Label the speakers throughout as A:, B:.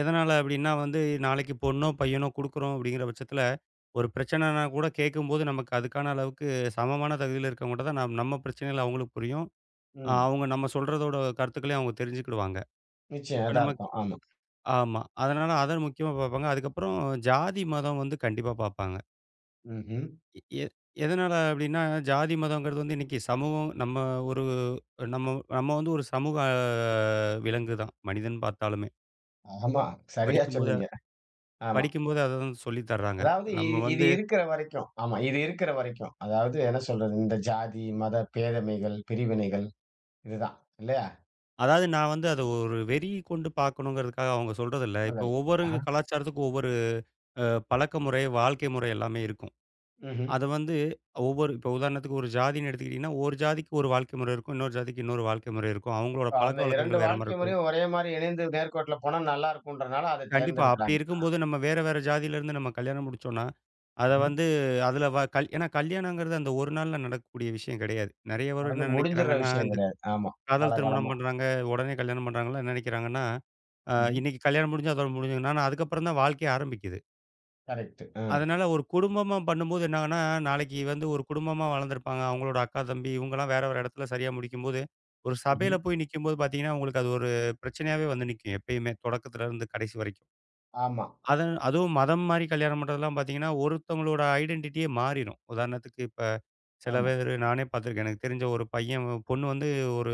A: எதனால அப்படீன்னா வந்து, நாளைக்கு பொண்ணோ, பையனோ குடுக்குறோம் அப்படீங்கிற பட்சத்துல, ஒரு பிரச்சனன்னா கூடக் கேட்கும்போது நமக்கு அதுக்கான அளவுக்கு சமமான தகுதியில இருக்கவங்க கிட்ட தான் நாம் நம்ம பிரச்சனைகள் அவங்களுக்கு புரியும்.
B: ம்.
A: அவுங்க நம்ம சொல்றதோட கருத்துக்களையும் அவுங்க தெரிஞ்சுக்கிடுவாங்க.
B: நிச்சயம்.
A: இப்ப நமக்கு
B: எதார்த்தம். ஆமா.
A: ஆமா. அதனால அத முக்கியமா பார்ப்பாங்க. அதுக்கப்புறம் ஜாதி, மதம் வந்து கண்டிப்பா பாப்பாங்க.
B: ம்ஹ்ம்.
A: எ எ எதனால அப்படீன்னா, ஜாதி மதம்ங்கிறது வந்து இன்னைக்கு சமூகம் நம்ம ஒரு நம்ம நம்ம வந்து ஒரு சமூக விலங்குதான், மனிதன் பார்த்தாலுமே.
B: ஆமா. சரியா
A: படிக்கும்போது அ
B: சொன்னீங்க. ஆமா.
A: படிக்கும்போது அததான் சொல்லித் தறாங்க.
B: அதாவது இ
A: நம்ம
B: இது
A: வந்து
B: இருக்கற வரைக்கும். ஆமா, இது இருக்கற வரைக்கும். அதாவது என்ன சொல்றது? இந்த ஜாதி, மத, பேதமைகள், பிரிவினைகள் இதுதான். இல்லையா?
A: அதாவது நா வந்து அத ஒரு வெறி கொண்டு பார்க்கணும்ங்கிறதுக்காக அவங்க சொல்றதில்ல. இப்போ
B: [unintelligible]
A: ஒவ்வொரு
B: ஆஹா.
A: கலாச்சாரத்துக்கும் ஒவ்வொரு அ பழக்கமுறை, வாழ்க்கை முறை எல்லாமே இருக்கும்.
B: ம்ஹ்ம்.
A: அத வந்து ஒவ்வொரு இப்போ உதாரணத்துக்கு ஒரு ஜாதின்னு எடுத்துக்கிட்டீங்கன்னா, ஒரு ஜாதிக்கு ஒரு வாழ்க்கை முறை இருக்கும். இன்னொரு ஜாதிக்கு இன்னொரு வாழ்க்கை முறை இருக்கும். அவங்களோட
B: இப்ப அந்த 2
A: பழக்கவழக்கங்கள் வேற மாரி
B: வாழ்க்கை
A: இருக்கும்.
B: முறையும் ஒரே மாரி இணைந்து நேர்கோட்ல போனா நல்லா இருக்கும்ன்றனால அத
A: கண்டிப்பா. அப்படி
B: தேர்ந்தெடுத்துருக்காங்களா?
A: இருக்கும்போது நம்ம வேற வேற ஜாதியிலிருந்து நம்ம கல்யாணம் முடிச்சோம்ன்னா, அத
B: ம்ஹ்ம்.
A: வந்து அதுல வ கல் ஏன்னா கல்யாணம்ங்கறது அந்த ஒரு நாள்ல நடக்கக்கூடிய விஷயம் கெடையாது. நெறைய பேரு
B: அது
A: என்ன
B: முடிஞ்சுர்ற
A: நெனைக்கிறாங்கன்னா,
B: விஷயம்
A: இந்த
B: கெடையாது. ஆமா,
A: காதல் திருமணம்
B: காலகாலமா.
A: பண்றாங்க, உடனே கல்யாணம் பண்ணுறவங்கல்லாம் என்ன நெனைக்கிறாங்கன்னா, அ
B: ம்ஹ்ம்.
A: இன்னைக்கு கல்யாணம் முடிஞ்சா [unintelligible] அதுக்கப்புறம் தான் வாழ்க்கையே ஆரம்பிக்குது.
B: கரெக்ட்டு, ம்.
A: அதனால ஒரு குடும்பமா பண்ணும்போது என்னாகும்ன்னா, நாளைக்கு வந்து ஒரு குடும்பமா வளர்ந்துருப்பாங்க. அவங்களோட அக்கா, தம்பி இவங்கல்லாம் வேற ஒரு எடத்துல சரியா முடிக்கும்போது, ஒரு சபையில
B: ம்ஹ்ம்.
A: போய் நிக்கும்போது பாத்தீங்கன்னா, உங்களுக்கு அது ஒரு பிரச்சனையாவே வந்து நிக்கும், எப்பயுமே. தொடக்கத்துலருந்து கடைசி வரைக்கும்.
B: ஆமா.
A: அது அதுவும் மதம் மாறி கல்யாணம் பண்றதெல்லாம் பார்த்தீங்கன்னா, ஒருத்தங்களோட ஐடன்டிட்டியே மாறிரும். உதாரணத்துக்கு இப்ப சில
B: ஆமா.
A: பேரு நானே பாத்திருக்கேன். எனக்குத் தெரிஞ்ச ஒரு பையன். பொண்ணு வந்து ஒரு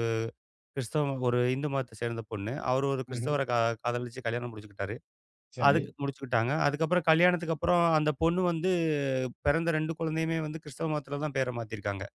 A: கிறிஸ்தவம் ஒரு இந்து மதத்தை சேர்ந்த பொண்ணு. அவரு ஒரு
B: ம்ஹ்ம்.
A: கிறிஸ்தவர கா காதலிச்சு கல்யாணம் முடிச்சுக்கிட்டாரு.
B: சரி.
A: அதுக்கு முடிச்சுக்கிட்டாங்க. அதுக்கப்புறம், கல்யாணத்துக்கு அப்புறம் அந்தப் பொண்ணு வந்து பிறந்த 2 குழந்தையுயே வந்து கிறிஸ்துவ மதத்துல தான் பேர மாத்தி இருக்காங்க.